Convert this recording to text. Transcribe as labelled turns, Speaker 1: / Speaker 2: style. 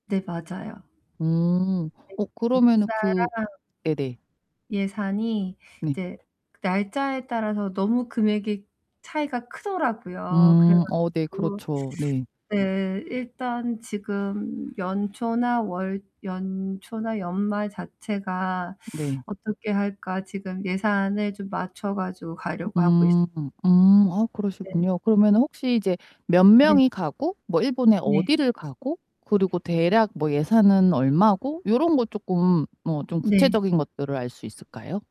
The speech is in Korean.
Speaker 1: 네 맞아요.
Speaker 2: 음.
Speaker 1: 네
Speaker 2: 어 그러면은
Speaker 1: 날짜랑
Speaker 2: 그 네네.
Speaker 1: 예산이
Speaker 2: 네.
Speaker 1: 이제 날짜에 따라서 너무 금액이 차이가 크더라고요. 그래
Speaker 2: 음. 어 네
Speaker 1: 가지고
Speaker 2: 그렇죠. 네.
Speaker 1: 네. 일단 지금 연초나 월 연초나 연말 자체가
Speaker 2: 네.
Speaker 1: '어떻게 할까?' 지금 예산을 좀 맞춰 가지고 가려고 하고 있어요.
Speaker 2: 음. 음. 아
Speaker 1: 네.
Speaker 2: 그러시군요. 그러면은 혹시 이제 몇
Speaker 1: 네.
Speaker 2: 명이 가고 뭐 일본에
Speaker 1: 네.
Speaker 2: 어디를 가고 그리고 대략 뭐 예산은 얼마고 요런 거 쪼끔 뭐 좀
Speaker 1: 네.
Speaker 2: 구체적인 것들을 알 수 있을까요?